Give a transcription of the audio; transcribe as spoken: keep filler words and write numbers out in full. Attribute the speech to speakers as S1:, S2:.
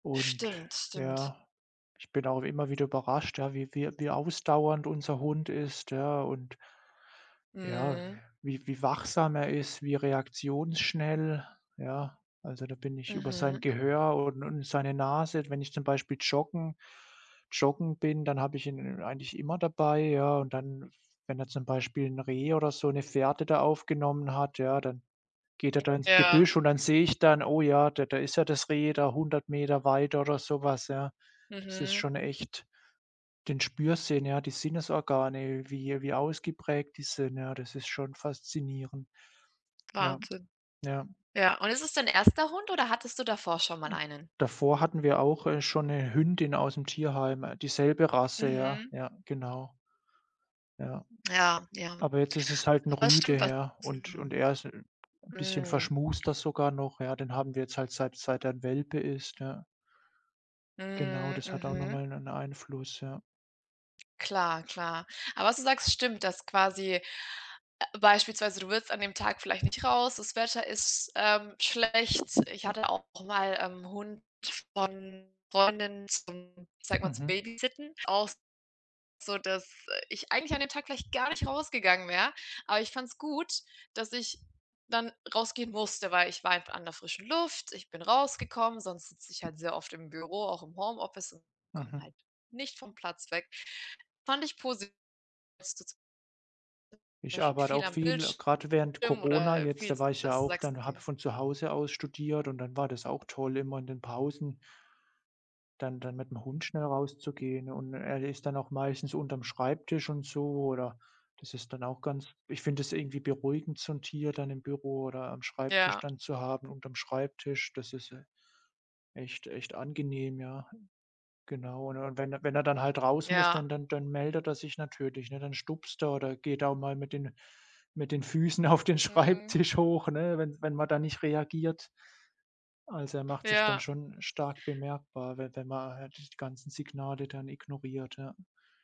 S1: Und
S2: Stimmt, stimmt.
S1: ja, ich bin auch immer wieder überrascht, ja, wie wie wie ausdauernd unser Hund ist, ja, und ja,
S2: Mhm.
S1: wie wie wachsam er ist, wie reaktionsschnell. Ja, also, da bin ich über sein
S2: Mhm.
S1: Gehör und und seine Nase wenn ich zum Beispiel joggen joggen bin, dann habe ich ihn eigentlich immer dabei, ja, und dann, wenn er zum Beispiel 'n Reh oder so 'ne Fährte da aufgenommen hat, ja, dann geht er da ins
S2: Ja.
S1: Gebüsch und dann sehe ich dann: „Oh ja, da da ist ja das Reh da hundert Meter weiter”, oder so was, ja. Das ist
S2: Mhm.
S1: schon echt den Spürsinn, ja, die Sinnesorgane, wie wie ausgeprägt die sind, ja, das ist schon faszinierend. Ja,
S2: Wahnsinn.
S1: ja.
S2: Ja, und ist es dein erster Hund oder hattest du davor schon mal einen?
S1: Davor hatten wir auch, äh, schon 'ne Hündin aus'm Tierheim, dieselbe Rasse, ja.
S2: Mhm.
S1: Ja, genau. Ja,
S2: Ja, ja.
S1: aber jetzt ist es halt 'n
S2: Aber es
S1: Rüde,
S2: stimmt, was.
S1: ja, und und
S2: [unintelligible]
S1: er ist 'n bisschen
S2: Mhm.
S1: verschmuster sogar noch, ja. Den haben wir jetzt halt seit seit er 'n Welpe ist, ja. Genau,
S2: Mhm,
S1: das hat auch noch
S2: mhm.
S1: mal 'nen Einfluss, ja.
S2: Klar, klar. Aber was du sagst, stimmt, dass quasi beispielsweise du willst an dem Tag vielleicht nicht raus, das Wetter ist, ähm, schlecht. Ich hatte auch mal, ähm, 'n Hund von Freundin zum ich sage mal, zum
S1: Mhm.
S2: Babysitten. Auch so, dass, äh, ich eigentlich an dem Tag vielleicht gar nicht rausgegangen wäre, aber ich fand's gut, dass ich dann rausgehen musste, weil ich war einfach an der frischen Luft, ich bin rausgekommen, sonst sitze ich halt sehr oft im Büro, auch im Homeoffice und komme
S1: Mhm.
S2: halt nicht vom Platz weg. Fand ich posi [unintelligible] war
S1: Ich
S2: ich
S1: arbeite
S2: viel
S1: auch
S2: am
S1: viel,
S2: Bildschirm
S1: grad während Corona
S2: oder
S1: jetzt,
S2: viel
S1: da war ich ja
S2: dass du
S1: auch
S2: sagst:
S1: dann habe
S2: „Okay”
S1: von zu Hause aus studiert und dann war das auch toll, immer in den Pausen dann dann mit'm Hund schnell rauszugehen, und er ist dann auch meistens unterm Schreibtisch und so. Oder das ist dann auch ganz ich finde das irgendwie beruhigend, so 'n Tier dann im Büro oder am Schreibtisch
S2: Ja.
S1: dann zu haben unterm Schreibtisch. Das ist, äh, echt echt angenehm, ja. Genau, und wenn wenn er dann halt raus muss,
S2: Ja.
S1: dann dann dann meldet er sich natürlich, ne? Dann stupst er oder geht auch mal mit den mit den Füßen auf den
S2: Mhm.
S1: Schreibtisch hoch, ne, wenn wenn man da nicht reagiert. Also, er macht sich dann
S2: Ja.
S1: schon stark bemerkbar, wenn wenn man die ganzen Signale dann ignoriert, ja.